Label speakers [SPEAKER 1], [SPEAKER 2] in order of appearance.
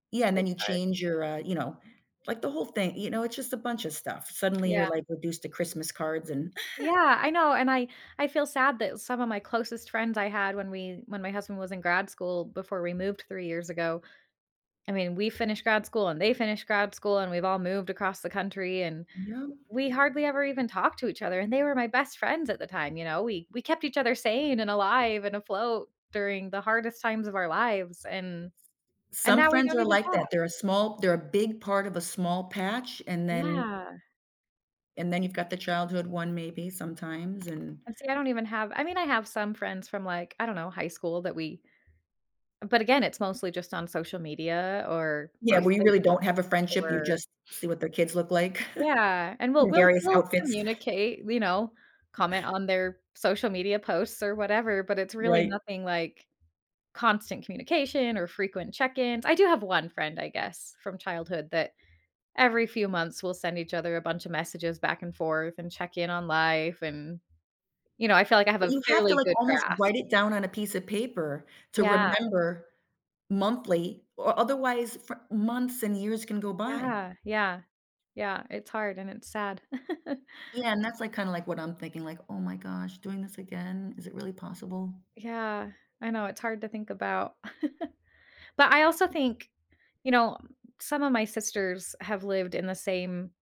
[SPEAKER 1] Yeah, and then
[SPEAKER 2] It's
[SPEAKER 1] you
[SPEAKER 2] hard.
[SPEAKER 1] change your, uh, you know, like, the whole thing. You know, it's just a bunch of stuff. Suddenly
[SPEAKER 2] Yeah.
[SPEAKER 1] you're, like, reduced to Christmas cards and
[SPEAKER 2] Yeah, I know, and I I feel sad that some of my closest friends I had when we when my husband was in grad school before we moved 3 years ago, I mean, we finished grad school and they finished grad school, and we've all moved across the country and
[SPEAKER 1] No.
[SPEAKER 2] we hardly ever even talked to each other, and they were my best friends at the time, you know? We we kept each other sane and alive and afloat during the hardest times of our lives, and and
[SPEAKER 1] Some
[SPEAKER 2] now we
[SPEAKER 1] friends
[SPEAKER 2] don't
[SPEAKER 1] are
[SPEAKER 2] even
[SPEAKER 1] like
[SPEAKER 2] talk.
[SPEAKER 1] that. They're a small they're a big part of a small patch, and then
[SPEAKER 2] Yeah.
[SPEAKER 1] and then you've got the childhood one maybe sometimes and
[SPEAKER 2] And see, I don't even have I mean, I have some friends from like, I don't know, high school that we But again, it's mostly just on social media or
[SPEAKER 1] Yeah, we
[SPEAKER 2] birthday
[SPEAKER 1] really don't have a friendship. You
[SPEAKER 2] or
[SPEAKER 1] just see what their kids look like
[SPEAKER 2] Yeah, and we'll
[SPEAKER 1] in
[SPEAKER 2] we'll
[SPEAKER 1] various
[SPEAKER 2] we'll
[SPEAKER 1] outfits.
[SPEAKER 2] communicate, you know, comment on their social media posts or whatever, but it's really
[SPEAKER 1] Right.
[SPEAKER 2] nothing, like, constant communication or frequent check-ins. I do have 1 friend, I guess, from childhood that every few months we'll send each other a bunch of messages back and forth, and check in on life, and, you know, I feel like I have
[SPEAKER 1] But
[SPEAKER 2] a
[SPEAKER 1] you have to,
[SPEAKER 2] fairly
[SPEAKER 1] like,
[SPEAKER 2] good
[SPEAKER 1] almost
[SPEAKER 2] grasp.
[SPEAKER 1] write it down on a piece of paper to
[SPEAKER 2] Yeah.
[SPEAKER 1] remember monthly, o otherwise fr months and years can go by.
[SPEAKER 2] Yeah, yeah. Yeah, it's hard and it's sad.
[SPEAKER 1] Yeah, and that's, like, kind of, like, what I'm thinking, like, "Oh my gosh, doing this again, is it really possible?"
[SPEAKER 2] Yeah, I know it's hard to think about, but I also think, you know, some of my sisters have lived in the same